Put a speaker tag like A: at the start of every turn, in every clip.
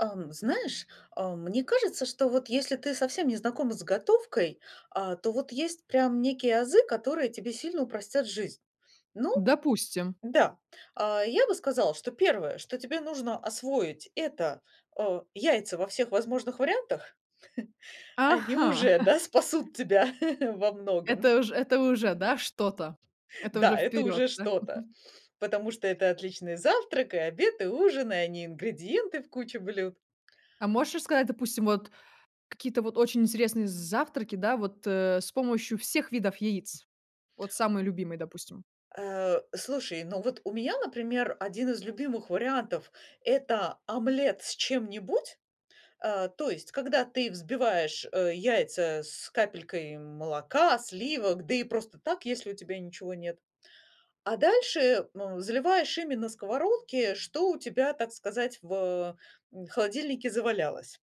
A: Эм, знаешь, э, мне кажется, что вот если ты совсем не знакома с готовкой, а то вот есть прям некие азы, которые тебе сильно упростят жизнь. Ну
B: Допустим.
A: да. А, я бы сказала, что первое, что тебе нужно освоить, это, э, яйца во всех возможных вариантах. Они
B: Ага.
A: уже, да, спасут тебя во многом.
B: Это ж это уже, да, что-то, это уже
A: Да, это
B: вперёд.
A: уже
B: Да,
A: что-то,
B: мгм.
A: потому что это отличный завтрак, и обед, и ужин, а и не ингредиенты в куче блюд.
B: А можешь рассказать, допустим, вот какие-то вот очень интересные з завтраки, да, вот с помощью всех видов яиц? Вот самый любимый, допустим.
A: Э, слушай, ну вот у меня, например, 1 из любимых вариантов- это омлет с чем-нибудь. Э, то есть когда ты взбиваешь, э, яйца с капелькой молока, сливок, да и просто так, если у тебя ничего нет, а дальше, э, заливаешь ими на сковородке, что у тебя, так сказать, в холодильнике завалялось.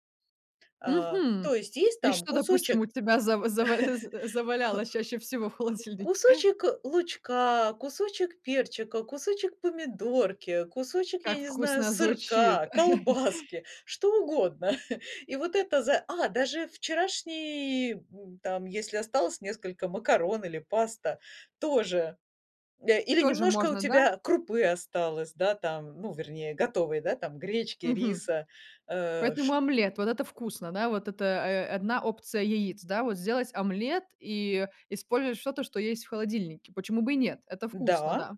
A: Э, то
B: Мгм.
A: есть есть
B: И
A: там
B: что, допустим, у
A: кусочек
B: тебя зав зава за завалялось чаще всего в холодильнике?
A: Кусочек лучка, кусочек перчика, кусочек помидорки, кусочек, я
B: Как
A: не знаю,
B: вкусно звучит.
A: сырка, колбаски, что угодно. И вот это за А даже вчерашний, м, там, если осталось несколько макарон или паста тоже, э, или
B: Тоже
A: немножко у
B: можно, да?
A: тебя крупы осталось, да, там, ну, вернее готовой, да, там, гречки,
B: Мгм.
A: риса, э,
B: Поэтому
A: ш
B: омлет, вот это вкусно, да, вот это, э, 1 опция яиц, да, вот сделать омлет и использовать что-то, что есть в холодильнике. Почему бы и нет, это вкусно,
A: Да.
B: да.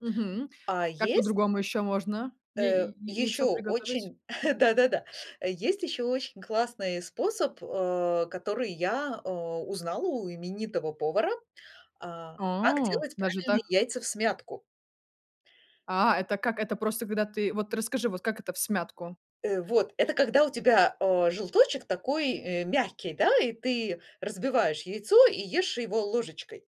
B: Мгм.
A: А
B: Как
A: есть
B: по-другому ещё можно я я
A: Э,
B: яй яйцо
A: ещё
B: приготовить?
A: очень Да-да-да, есть ещё очень классный способ, э, который я, э, узнала у именитого повара, а, как
B: А!
A: делать
B: Даже
A: правильные
B: так?
A: яйца всмятку.
B: А это как это? Просто когда ты, вот расскажи, вот как это- всмятку?
A: Э, вот. Это когда у тебя, э, желточек такой, э, мягкий, да, и ты разбиваешь яйцо и ешь его ложечкой.